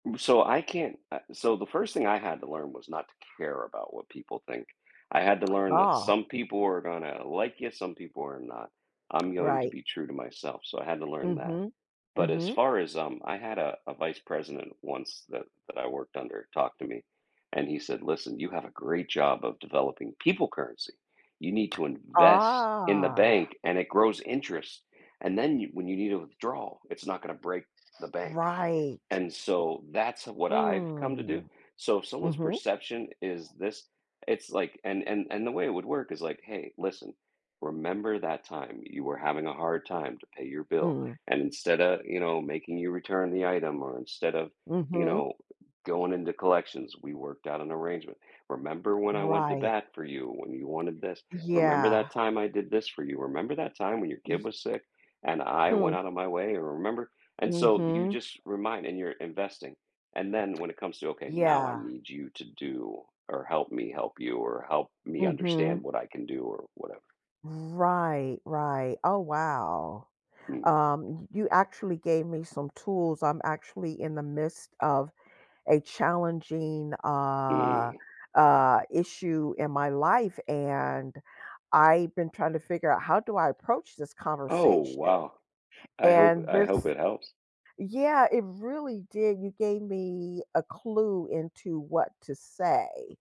M so I can't uh, so the 1st thing I had to learn was not to care about what people think. I had to learn that Ah. some people are gonna like you, some people are not. I'm going to Right. be true to myself, so I had to learn that. Mhm. But as Mhm. far as, um I had a a vice president once that that I worked under talked to me, and he said, "Listen, you have a great job of developing people currency. You need to invest in the Ah. bank, and it grows interest, and then you when you need to withdrawal, it's not gonna break the bank." Right. And so that's what I've come to do, Mm. so if someone's Mhm. perception is this, it's like and and and the way it would work is like, "Hey, listen. Remember that time you were having a hard time to pay your bill, Mm. and instead of," you know, "making you return the item, or instead of," you Mhm. know, "g going into collections, we worked out an arrangement. Remember when I went to Right. bat for you when you wanted this? Remember that Yeah. time I did this for you? Remember that time when your Y kid was sick and I Hmm. went out of my way, remember?" And so, you Mhm. just remind and you're investing, and then, when it comes to, "Okay, now I Yeah. need you to do or help me help you, or help me understand Mhm. what I can do," or whatever Right, right oh, wow. Mm. Um, y you actually gave me some tools, I'm actually in the midst of a challenging, uh Mm. uh, issue in my life, and I've been trying to figure out, "How do I approach this Oh, conversation?" wow. I hope and I this hope it helps. Yeah, it really did, you gave me a clue into what to say.